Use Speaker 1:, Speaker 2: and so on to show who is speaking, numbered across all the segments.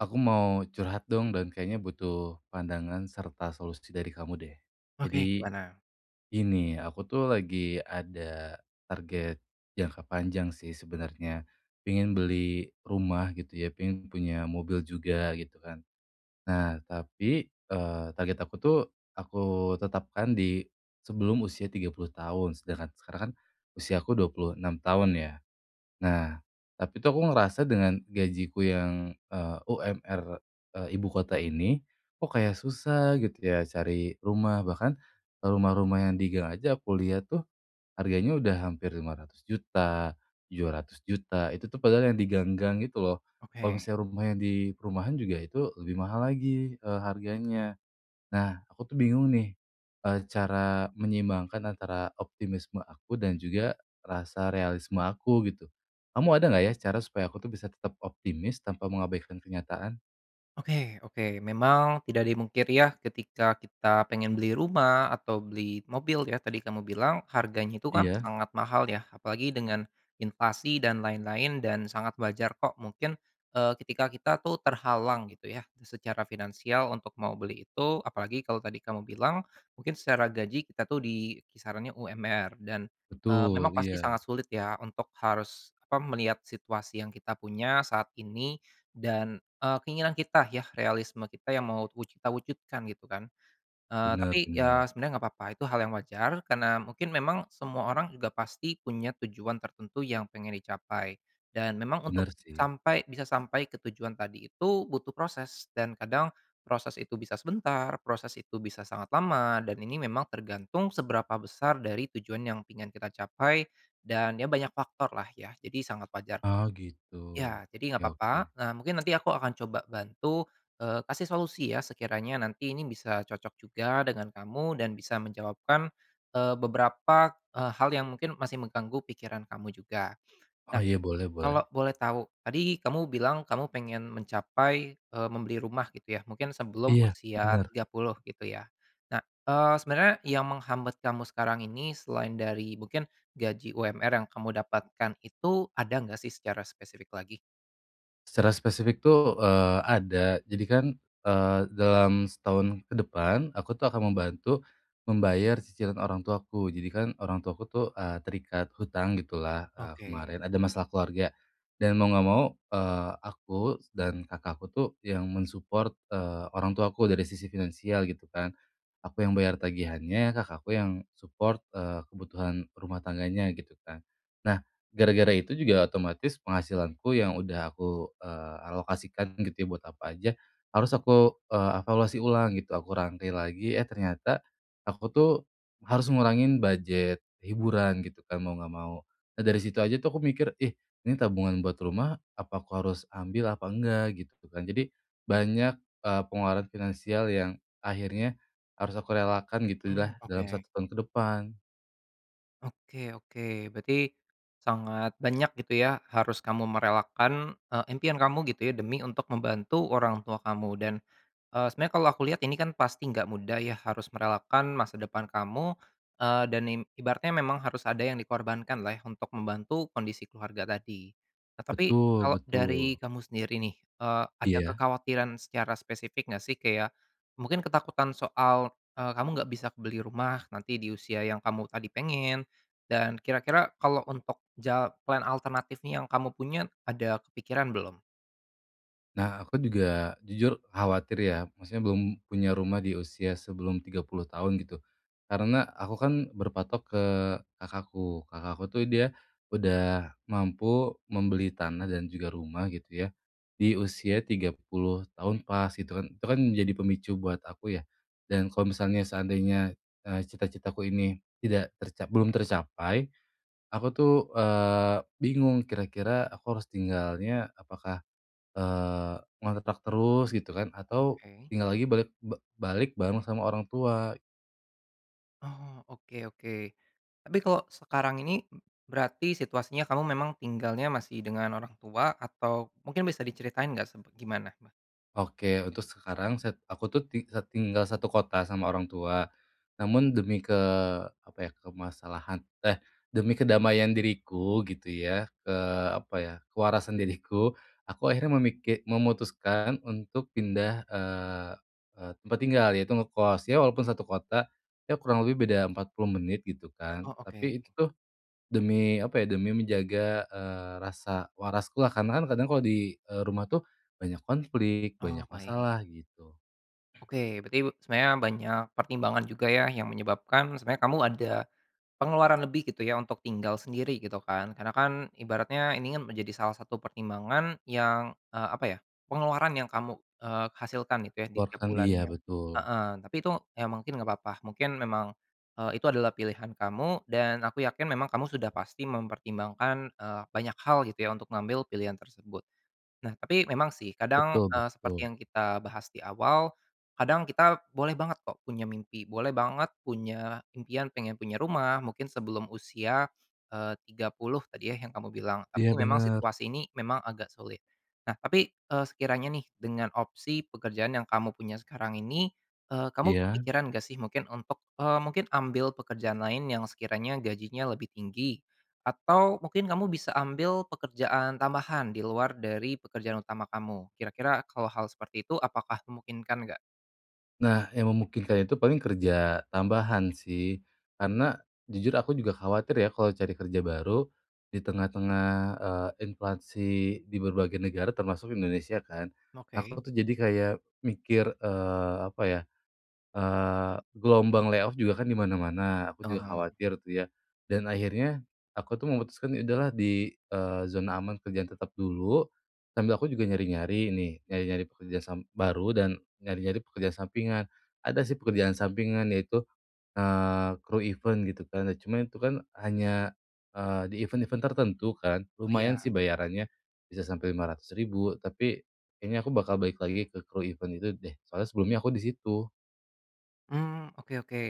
Speaker 1: Aku mau curhat, dong, dan kayaknya butuh pandangan serta solusi dari kamu, deh.
Speaker 2: Oke,
Speaker 1: Jadi,
Speaker 2: gimana?
Speaker 1: gini, aku, tuh, lagi ada target jangka panjang, sih, sebenarnya. Pengin beli rumah, gitu, ya, pengin punya mobil juga, gitu, kan. Nah, tapi, eee, target aku, tuh, aku tetapkan di sebelum usia 30 tahun, sedangkan sekarang, kan, usiaku 26 tahun, ya. Nah, tapi, tuh, aku ngerasa dengan gajiku yang, eee, UMR eee, ibu kota ini, kok, kayak susah, gitu, ya, cari rumah. Bahkan, eee, rumah-rumah yang di gang aja aku lihat, tuh, harganya udah hampir Rp500.000.000, Rp700.000.000, itu, tuh, padahal yang di gang-gang itu, loh. Kalau
Speaker 2: Oke.
Speaker 1: misalnya rumah yang di perumahan juga itu lebih mahal lagi, eee, harganya. Nah, aku, tuh, bingung, nih, eee, cara menyeimbangkan antara optimisme aku dan juga rasa realisme aku, gitu. Kamu ada nggak, ya, cara supaya aku, tuh, bisa tetap optimis tanpa mengabaikan kenyataan?
Speaker 2: Oke oke. Memang tidak dimungkiri, ya, ketika kita pengen beli rumah atau beli mobil, ya, tadi kamu bilang harganya itu, kan,
Speaker 1: Iya.
Speaker 2: sangat mahal, ya. Apalagi dengan inflasi dan lain-lain, dan sangat wajar, kok, mungkin, eee, ketika kita, tuh, terhalang, gitu, ya, secara finansial untuk mau beli itu. Apalagi kalau tadi kamu bilang mungkin secara gaji kita, tuh, di kisarannya UMR dan, eee, memang
Speaker 1: Betul,
Speaker 2: pasti
Speaker 1: iya.
Speaker 2: sangat sulit, ya, untuk harus apa, melihat situasi yang kita punya saat ini, dan, eee, keinginan kita, ya, realisme kita yang mau wuju kita wujudkan, gitu, kan. Eee, tapi,
Speaker 1: Benar
Speaker 2: ya,
Speaker 1: benar.
Speaker 2: sebenarnya nggak apa-apa, itu hal yang wajar karena mungkin memang semua orang juga pasti punya tujuan tertentu yang pengen dicapai, dan memang untuk
Speaker 1: Benar, sih.
Speaker 2: sampai bisa sampai ke tujuan tadi itu butuh proses dan kadang proses itu bisa sebentar, proses itu bisa sangat lama, dan ini memang tergantung seberapa besar dari tujuan yang pengen kita capai. Dan, ya, banyak faktor, lah, ya, jadi sangat wajar, kok.
Speaker 1: Oh, gitu,
Speaker 2: Ya, jadi nggak
Speaker 1: oke
Speaker 2: papa,
Speaker 1: oke.
Speaker 2: eee, mungkin nanti aku akan coba bantu, eee, kasih solusi, ya, sekiranya nanti ini bisa cocok juga dengan kamu dan bisa menjawabkan, eee, beberapa, eee, hal yang mungkin masih mengganggu pikiran kamu juga.
Speaker 1: Oh,
Speaker 2: Nah,
Speaker 1: iya, boleh
Speaker 2: kalau
Speaker 1: boleh.
Speaker 2: boleh tau, tadi kamu bilang kamu pengen mencapai, eee, membeli rumah, gitu, ya, mungkin sebelum
Speaker 1: Iya,
Speaker 2: usia
Speaker 1: benar.
Speaker 2: 30, gitu, ya. Nah, eee, sebenarnya yang menghambat kamu sekarang ini selain dari mungkin gaji UMR yang kamu dapatkan itu, ada nggak, sih, secara spesifik lagi?
Speaker 1: Secara spesifik tuh, eee, ada, jadi kan, eee, dalam setahun ke depan, aku tuh akan membantu membayar cicilan orang tuaku. Jadi kan orang tuaku tuh, eee, terikat hutang gitulah, eee,
Speaker 2: Oke.
Speaker 1: kemarin ada masalah keluarga dan mau nggak mau, eee, aku dan kakakku tuh yang men-support, eee, orang tuaku dari sisi finansial gitu kan. Aku yang bayar tagihannya, kakak aku yang support, eee, kebutuhan rumah tangganya gitu kan. Nah gara-gara itu juga otomatis penghasilanku yang udah aku, eee, alokasikan gitu ya, buat apa aja, harus aku, eee, evaluasi ulang gitu, aku rangkai lagi, eh ternyata aku tuh harus ngurangin budget hiburan gitu kan, mau nggak mau. Nah dari situ aja tuh aku mikir, "Ih ini tabungan buat rumah, apa aku harus ambil, apa enggak?" Gitu kan. Jadi banyak, eee, pengeluaran finansial yang akhirnya harus aku relakan
Speaker 2: Mmm,
Speaker 1: gitulah dalam
Speaker 2: oke.
Speaker 1: 1 tahun ke depan.
Speaker 2: Oke oke, berarti sangat banyak gitu ya, harus kamu merelakan, eee, impian kamu gitu ya demi untuk membantu orang tua kamu dan, eee, sebenernya kalau aku lihat, ini kan pasti nggak mudah ya harus merelakan masa depan kamu, eee, dan i ibaratnya memang harus ada yang dikorbankanlah ya untuk membantu kondisi keluarga tadi. Nah, tapi
Speaker 1: Betul
Speaker 2: kalau
Speaker 1: betul.
Speaker 2: dari kamu sendiri nih, eee, ada
Speaker 1: Iya.
Speaker 2: kekhawatiran secara spesifik nggak sih, kayak mungkin ketakutan soal, eee, kamu nggak bisa beli rumah nanti di usia yang kamu tadi pengen dan kira-kira kalau untuk jal plan alternatif nih yang kamu punya ada kepikiran belum?
Speaker 1: Nah aku juga, jujur khawatir ya, maksudnya belum punya rumah di usia sebelum 30 tahun gitu, karena aku kan berpatok ke kakakku. Kakakku tuh dia udah mampu membeli tanah dan juga rumah gitu ya, di usia 30 tahun pas gitu kan, itu kan menjadi pemicu buat aku ya. Dan kalau misalnya, seandainya, eee, cita-citaku ini tidak terca belum tercapai, aku tuh, eee, bingung kira-kira aku harus tinggalnya, apakah, eee, ngontrak terus gitu kan, atau
Speaker 2: Oke.
Speaker 1: tinggal lagi balik ba balik bareng sama orang tua.
Speaker 2: Oh, oke oke. Tapi kalau sekarang ini, berarti situasinya kamu memang tinggalnya masih dengan orang tua atau mungkin bisa diceritain nggak semp gimana? me
Speaker 1: Oke, untuk sekarang, set aku tuh ti eee, tinggal satu kota sama orang tua. Namun demi ke apa ya, kemasalahan eh demi kedamaian diriku gitu ya, ke apa ya, kewarasan diriku, aku akhirnya memiki memutuskan untuk pindah, eee eee, tempat tinggal, yaitu ngekos, ya walaupun satu kota, ya kurang lebih beda 40 menit gitu kan,
Speaker 2: Oh oke.
Speaker 1: tapi itu tuh, demi apa ya, demi menjaga, eee, rasa waraskulah, karena kan kadang kalau di, eee, rumah tuh banyak konflik,
Speaker 2: Oh
Speaker 1: banyak
Speaker 2: baik.
Speaker 1: masalah gitu.
Speaker 2: Oke, berarti be sebenarnya banyak pertimbangan juga ya yang menyebabkan, sebenarnya kamu ada, pengeluaran lebih gitu ya untuk tinggal sendiri gitu kan, karena kan ibaratnya ini kan menjadi salah satu pertimbangan yang, eee, apa ya, pengeluaran yang kamu, eee, hasilkan itu ya di tiap
Speaker 1: Kuatkan iya
Speaker 2: bulannya.
Speaker 1: betul.
Speaker 2: Heeh, tapi itu ya mungkin nggak papa, mungkin memang, eee, itu adalah pilihan kamu dan aku yakin memang kamu sudah pasti mempertimbangkan, eee, banyak hal gitu ya untuk ngambil pilihan tersebut. Nah tapi memang sih kadang,
Speaker 1: Betul
Speaker 2: eee, seperti
Speaker 1: betul.
Speaker 2: yang kita bahas di awal, kadang kita boleh banget kok punya mimpi, boleh banget punya impian pengen punya rumah, mungkin sebelum usia, eee, 30 tadi ya, yang kamu bilang,
Speaker 1: Iya
Speaker 2: tapi memang
Speaker 1: bener.
Speaker 2: situasi ini memang agak sulit. Nah tapi, eee, sekiranya nih dengan opsi pekerjaan yang kamu punya sekarang ini, eee, kamu
Speaker 1: Iya.
Speaker 2: kepikiran nggak sih mungkin untuk, eee, mungkin ambil pekerjaan lain yang sekiranya gajinya lebih tinggi atau mungkin kamu bisa ambil pekerjaan tambahan di luar dari pekerjaan utama kamu. Kira-kira kalau hal seperti itu apakah memungkinkan nggak?
Speaker 1: Nah, yang memungkinkan itu paling kerja, tambahan sih. Karena, jujur aku juga khawatir ya, kalau cari kerja baru, di tengah-tengah, eee, inflasi, di berbagai negara, termasuk Indonesia kan.
Speaker 2: Oke.
Speaker 1: Aku tuh jadi kayak mikir, eee, apa ya, eee, gelombang lay off juga kan di mana-mana, aku juga
Speaker 2: Oh.
Speaker 1: khawatir tuh ya. Dan akhirnya, aku tuh memutuskan, ya udah lah di, eee, zona aman kerjaan tetap dulu, sambil aku juga nyari-nyari nih, nyari-nyari pekerjaan sam baru dan, nyari-nyari pekerjaan sampingan. Ada sih pekerjaan sampingan yaitu, eee, kru event gitu kan. Nah cuma itu kan, hanya, eee, di event-event tertentu kan. Lumayan sih
Speaker 2: Iya.
Speaker 1: bayarannya, bisa sampai Rp500.000, tapi, kayaknya aku bakal balik lagi ke kru event itu deh, soalnya sebelumnya aku di situ.
Speaker 2: Mmm, oke oke.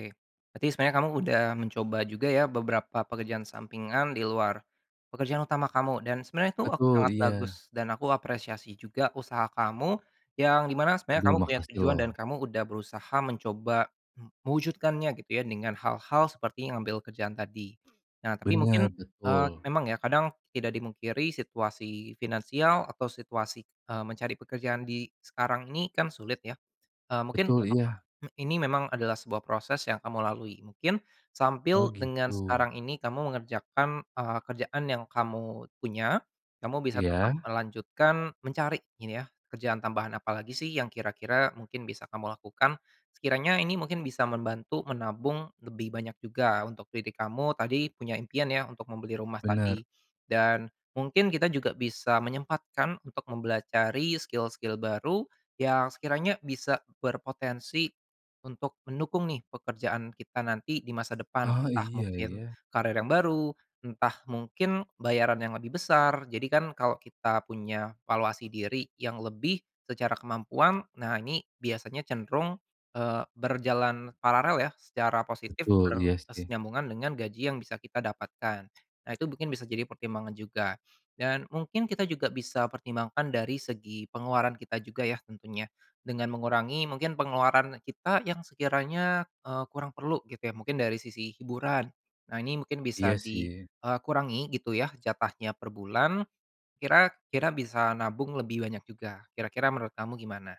Speaker 2: Berarti sebenarnya kamu udah mencoba juga ya, beberapa pekerjaan sampingan di luar, pekerjaan utama kamu. Dan sebenarnya itu, oh
Speaker 1: Betul,
Speaker 2: sangat
Speaker 1: iya.
Speaker 2: bagus, dan aku apresiasi juga usaha kamu, yang di mana sebenarnya
Speaker 1: Duh,
Speaker 2: kamu punya
Speaker 1: makasih
Speaker 2: tujuan dan
Speaker 1: loh.
Speaker 2: kamu udah berusaha mencoba, m mewujudkannya gitu ya dengan hal-hal seperti ngambil kerjaan tadi. Nah tapi
Speaker 1: Benar,
Speaker 2: mungkin, eee,
Speaker 1: betul.
Speaker 2: memang ya, kadang, tidak dipungkiri situasi finansial, atau situasi, eee, mencari pekerjaan di, sekarang ini, kan sulit ya, eee, mungkin, nggak
Speaker 1: Betul
Speaker 2: papa,
Speaker 1: iya.
Speaker 2: ini memang adalah sebuah proses yang kamu lalui, mungkin,
Speaker 1: Oh
Speaker 2: sambil dengan
Speaker 1: gitu.
Speaker 2: sekarang ini kamu mengerjakan, eee, kerjaan yang kamu, punya, kamu bisa tetap
Speaker 1: Iya.
Speaker 2: melanjutkan, mencari, ini ya, kerjaan tambahan apa lagi sih yang kira-kira, mungkin bisa kamu lakukan. Sekiranya ini mungkin bisa membantu menabung, lebih banyak juga, untuk diri kamu, tadi, punya impian ya, untuk membeli rumah tadi.
Speaker 1: Benar.
Speaker 2: Dan, mungkin kita juga bisa menyempatkan untuk mempelajari skill-skill baru, yang sekiranya bisa berpotensi, untuk mendukung nih, pekerjaan kita nanti di masa depan,
Speaker 1: Ah
Speaker 2: entah
Speaker 1: iya
Speaker 2: mungkin,
Speaker 1: ya.
Speaker 2: karir yang baru, entah mungkin bayaran yang lebih besar, jadi kan, kalo kita punya valuasi diri yang lebih, secara kemampuan, nah ini, biasanya cenderung, eee, berjalan paralel ya, secara positif
Speaker 1: Betul, iya sih.
Speaker 2: berkesinambungan dengan gaji yang bisa kita dapatkan. Nah itu mungkin bisa jadi pertimbangan juga. Dan, mungkin kita juga bisa pertimbangkan dari segi pengeluaran kita juga ya tentunya, dengan mengurangi mungkin pengeluaran kita yang sekiranya, eee, kurang perlu gitu ya, mungkin dari sisi hiburan. Nah ini mungkin bisa
Speaker 1: Iya
Speaker 2: di,
Speaker 1: sih.
Speaker 2: eee, kurangi gitu ya jatahnya per bulan, kira kira bisa nabung lebih banyak juga. Kira-kira menurut kamu gimana?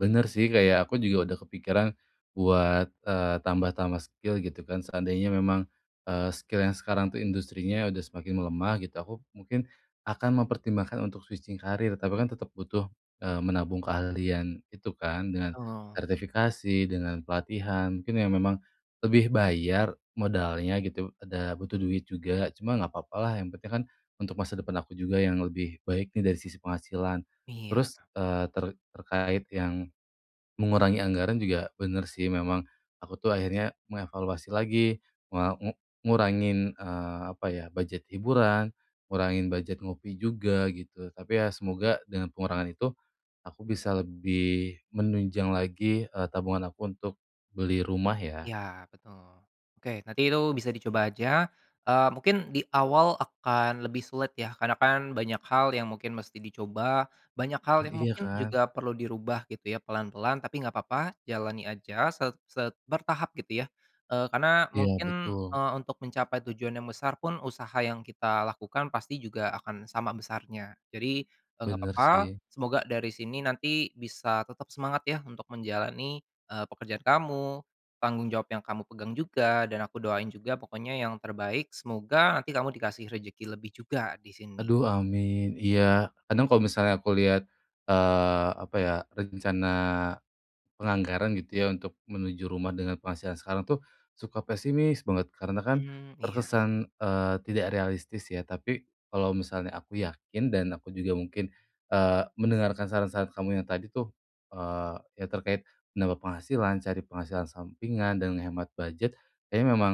Speaker 1: Bener, sih. Kayak, aku juga udah kepikiran buat, eee, tambah-tambah skill, gitu kan. Seandainya memang, eee, skill yang sekarang, tuh, industrinya udah semakin melemah, gitu, aku mungkin akan mempertimbangkan untuk switching karir. Tapi kan tetap butuh, eee, menabung keahlian gitu, kan, dengan
Speaker 2: Betul.
Speaker 1: sertifikasi, dengan pelatihan, mungkin yang memang lebih bayar, modalnya, gitu, ada butuh duit juga. Cuma nggak papa, lah. Yang penting kan, untuk masa depan aku juga yang lebih baik, nih, dari sisi penghasilan.
Speaker 2: Iya.
Speaker 1: Terus, eee, ter terkait yang mengurangi anggaran, juga, bener sih. Memang, aku tuh akhirnya mengevaluasi lagi, me ngu ngurangin, eee, apa ya, budget hiburan, ngurangin budget ngopi juga, gitu. Tapi ya, semoga, dengan pengurangan itu, aku bisa lebih menunjang lagi, eee, tabungan aku untuk beli rumah, ya.
Speaker 2: Ya, betul. Oke, nanti itu bisa dicoba aja. Eee, mungkin, di awal akan lebih sulit ya, karena kan, banyak hal yang mungkin mesti dicoba, banyak hal
Speaker 1: Nah,
Speaker 2: yang
Speaker 1: iya
Speaker 2: mungkin
Speaker 1: kan?
Speaker 2: juga perlu dirubah, gitu ya, pelan-pelan. Tapi nggak papa, jalani aja, set set bertahap, gitu ya. Eee, karena,
Speaker 1: Iya,
Speaker 2: mungkin,
Speaker 1: betul.
Speaker 2: eee, untuk mencapai tujuan yang besar pun, usaha yang kita lakukan pasti juga akan sama besarnya. Jadi, eee, nggak
Speaker 1: Bener,
Speaker 2: papa.
Speaker 1: sih.
Speaker 2: Semoga, dari sini nanti, bisa tetap semangat, ya, untuk menjalani, eee, pekerjaan kamu, tanggung jawab yang kamu pegang juga, dan aku doain juga, pokoknya yang terbaik. Semoga nanti kamu dikasih rejeki lebih juga, di sini.
Speaker 1: Aduh, amin. Iya, kadang kalau misalnya aku lihat, eee, apa ya, rencana penganggaran, gitu ya, untuk menuju rumah dengan penghasilan sekarang tuh, suka pesimis banget. Karena kan,
Speaker 2: Mmm, iya.
Speaker 1: terkesan, eee, tidak realistis, ya. Tapi, kalau misalnya aku yakin, dan aku juga mungkin, eee, mendengarkan saran-saran kamu yang tadi, tuh, eee, yang terkait menambah penghasilan, cari penghasilan sampingan, dan ngehemat budget, kayaknya memang,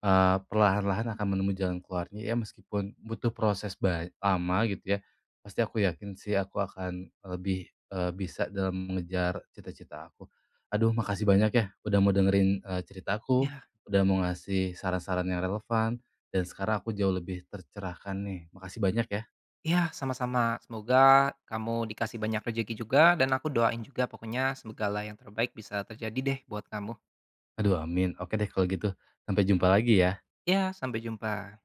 Speaker 1: eee, perlahan-lahan akan menemui jalan keluarnya, ya. Meskipun, butuh proses bany lama, gitu ya, pasti aku yakin sih, aku akan lebih, eee, bisa dalam mengejar cita-cita aku. Aduh, makasih banyak, ya, udah mau dengerin, eee, cerita aku,
Speaker 2: Iya.
Speaker 1: udah mau ngasih saran-saran yang relevan, dan sekarang aku jauh lebih tercerahkan, nih. Makasih banyak, ya.
Speaker 2: Ya, sama-sama. Semoga, kamu dikasih banyak rejeki juga, dan aku doain juga, pokoknya, segala yang terbaik bisa terjadi, deh, buat kamu.
Speaker 1: Aduh, amin. Oke deh, kalau gitu. Sampai jumpa lagi, ya.
Speaker 2: Ya, sampai jumpa.